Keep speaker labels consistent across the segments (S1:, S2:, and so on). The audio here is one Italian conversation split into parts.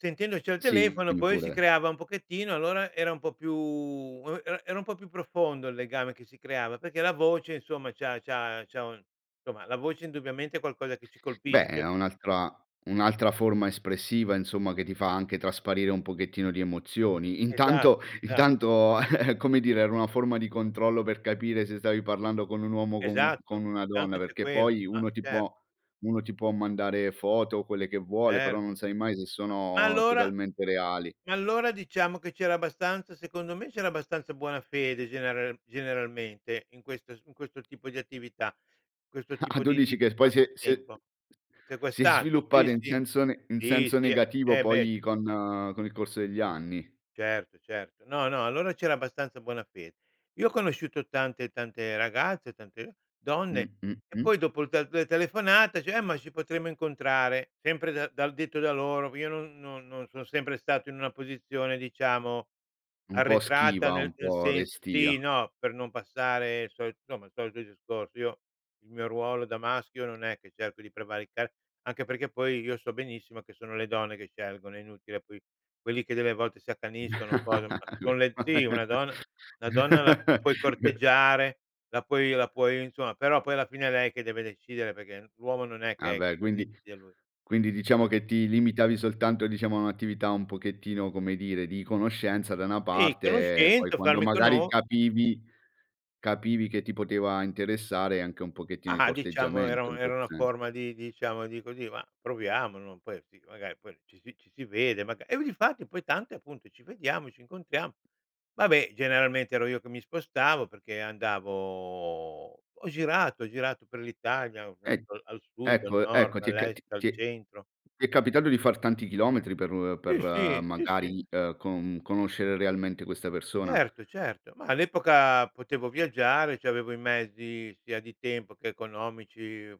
S1: Sentendoci al
S2: Sì,
S1: telefono
S2: dimmi
S1: poi si
S2: pure.
S1: creava un pochettino, allora era un po' più era era un po' più profondo il legame che si creava, perché la voce insomma c'ha c'ha c'ha un insomma, la voce indubbiamente è qualcosa che ci
S2: Beh,
S1: colpisce.
S2: è un'altra un'altra forma espressiva, insomma, che ti fa anche trasparire un pochettino di emozioni.
S1: Esat
S2: Intanto
S1: esatto.
S2: intanto come dire, era una forma di controllo, per capire se stavi parlando con un uomo o con u con
S1: Esatto,
S2: una donna,
S1: intanto c'è
S2: perché
S1: quello,
S2: poi,
S1: ah,
S2: uno ti
S1: cer
S2: può uno ti può mandare foto, o quelle che vuole, però non
S1: Certo.
S2: sai mai se
S1: Ma ma
S2: sono
S1: allora
S2: totalmente reali.
S1: ma allora diciamo che c'era abbastanza, secondo me c'era abbastanza buona fede genera generalmente, in questo in questo tipo di attività, questo
S2: Ah, a
S1: tipo
S2: tu
S1: di
S2: dici
S1: di di
S2: che poi si è si è
S1: passatempo.
S2: si è
S1: Sequestrato, sì,
S2: sviluppata in
S1: sì,
S2: senso ne in
S1: sì,
S2: senso
S1: sì
S2: negativo
S1: eh beh
S2: poi, con con il corso degli anni.
S1: Certo, certo. No, no allora c'era abbastanza buona fede. Io ho conosciuto tante tante ragazze, tante
S2: Mh,
S1: donne
S2: mh,
S1: e
S2: mh.
S1: poi dopo il te 2 telefonate, dice: "Eh ma ci potremmo incontrare," sempre dal da detto da loro, io non non non sono sempre stato in una posizione, diciamo,
S2: Un po'
S1: arretrata,
S2: schiva, un
S1: nel nel
S2: po'
S1: senso, sì,
S2: restia.
S1: no, per non passare il solito insomma il solito discorso. Io, il mio ruolo da maschio, non è che cerco di prevaricare, anche perché poi, io so benissimo che sono le donne che scelgono, è inutile, poi quelli che delle volte si accaniscono, cose ma son le sì una donna la
S2: [unintelligible]
S1: donna la la puoi corteggiare, la puoi la puoi insomma, però poi alla fine è lei che deve decidere perché l'uomo non è
S2: Ah
S1: che è
S2: beh, quindi
S1: decide lui.
S2: quindi diciamo che ti limitavi soltanto, diciamo, a un'attività un pochettino, come dire, di conoscenza da una
S1: Sì
S2: parte, e poi
S1: conoscente,
S2: quando
S1: farmi
S2: magari
S1: cono
S2: capivi capivi che ti poteva interessare, anche un pochettino di
S1: Ma, diciamo era
S2: corteggiamento
S1: un
S2: in
S1: era
S2: questo
S1: una
S2: senso.
S1: forma di diciamo di così, ma proviamo, non puoi sì magari poi ci si ci si vede, magari e difatti, poi tante appunto: "Ci vediamo e ci incontriamo." Vabbè, generalmente ero io che mi spostavo perché, andavo ho girato, ho girato per l'Italia, ho
S2: E
S1: girato al sud, al
S2: ecco
S1: nord,
S2: ecco ti è ca
S1: all'est,
S2: t
S1: al
S2: ti
S1: centro.
S2: ti è capitato di far tanti chilometri, per per
S1: Sì sì, sì sì.
S2: magari, ehm, co conoscere realmente questa persona?
S1: Certo, certo, ma all'epoca potevo viaggiare, c'avevo i mezzi sia di tempo che economici,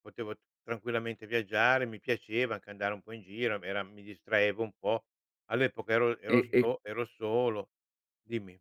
S1: potevo tranquillamente viaggiare, mi piaceva anche andare un po' in giro, mi era mi distraevo un po'. All'epoca ero ero
S2: E, e
S1: so ero solo. Dimmi.